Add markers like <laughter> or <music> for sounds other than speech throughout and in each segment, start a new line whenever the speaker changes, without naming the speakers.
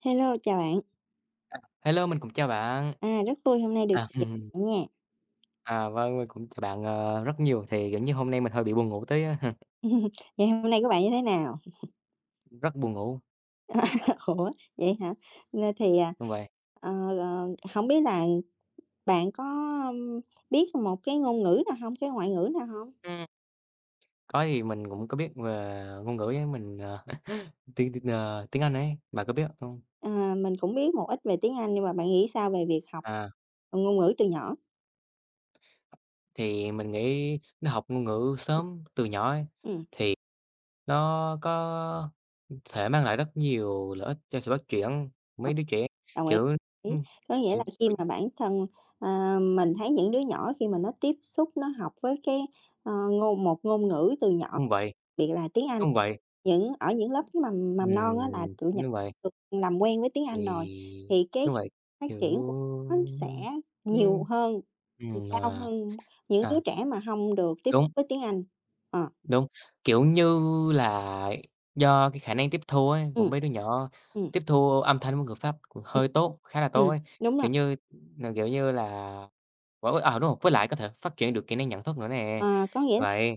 Hello, chào bạn!
Hello, mình cũng chào bạn!
À, rất vui hôm nay được
Ờ.
<unintelligible>
<chuckles>
bạn nha!
À, vâng, mình cũng chào bạn, ờ, rất nhiều. Thì, kiểu như, hôm nay mình hơi bị buồn ngủ tí á. <chuckles>
<chuckles> Ngày hôm nay của bạn như thế nào?
Rất buồn ngủ!
<laughs> Ủa, vậy hả? Ơ, thì à,
Đúng vậy.
ờ, ờ, hổng biết là bạn có biết một cái ngôn ngữ nào hông, cái ngoại ngữ nào hông?
Ừm. Có, thì mình cũng có biết về ngôn ngữ ấy. Mình, ờ <chuckles> tiếng tiếng, ờ, tiếng Anh ấy, bạn có biết không?
À, mình cũng biết một ít về tiếng Anh, nhưng mà bạn nghĩ sao về việc học,
À!
ờ, ngôn ngữ từ nhỏ?
Thì mình nghĩ nó học ngôn ngữ sớm từ nhỏ ấy
Ừm.
thì nó có thể mang lại rất nhiều lợi ích cho sự phát triển,
Ờ.
mấy đứa trẻ,
Đồng ý
kiểu ừm,
ý. Có nghĩa
ừm
là khi
<unintelligible>
mà bản thân, à, mình thấy những đứa nhỏ khi mà nó tiếp xúc, nó học với cái, ờ, ngôn một ngôn ngữ từ nhỏ
Đúng vậy.
biệt là tiếng Anh
Đúng vậy.
những ở những lớp mầm mầm non á là
Ừm.
tụi nh
Đúng vậy.
được làm quen với tiếng Anh rồi
Thì
thì cái
đúng vậy.
phát
Kiểu
triển của nó sẽ nhiều
ừm.
hơn, <unintelligible>
Ừm,
cao
à.
hơn những đứa
À!
trẻ mà hông được tiếp
Đúng.
với tiếng Anh. Ờ.
Đúng. Kiểu như là do cái khả năng tiếp thu ấy của
Ừm,
mấy đứa nhỏ,
ừm.
tiếp thu âm thanh với ngữ pháp cũng
Ừm.
hơi tốt, khá là tốt
Ừm.
ấy.
Đúng rồi.
Kiểu như n kiểu như là <unintelligible> ờ, đúng không? Với lại có thể phát triển được kỹ năng nhận thức nữa nè.
À, có nghĩa l à,
Vậy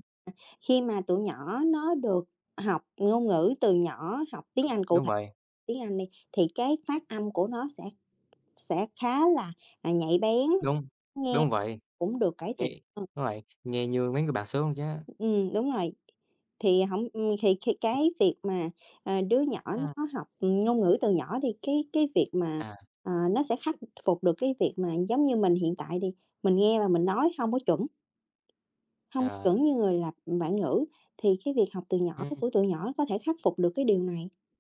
khi mà tụi nhỏ nó được học ngôn ngữ từ nhỏ, học tiếng
Đúng,
Anh, cụ
đúng
thể
vậy.
tiếng Anh đi, thì cái phát âm của nó sẽ sẽ khá là, à, nhạy bén,
Đúng,
nghe
đúng vậy.
cũng được cải thiện
Nghe
hơn.
đúng vậy, nghe như mấy người bản xứ luôn, yeah.
Ừm, đúng rồi. Thì hổng ừm, thì khi cái việc mà, ờ, đứa nhỏ
Ừm.
nó học, ừm, ngôn ngữ từ nhỏ đi, cái cái việc mà,
À.
à, nó sẽ khắc phục được cái việc mà giống như mình hiện tại đi, mình nghe và mình nói hông có chuẩn hông
Ờ.
chuẩn như người là bản ngữ. Thì cái việc học từ nhỏ của
Ừm.
tụi tụi nhỏ có thể khắc phục được cái điều này.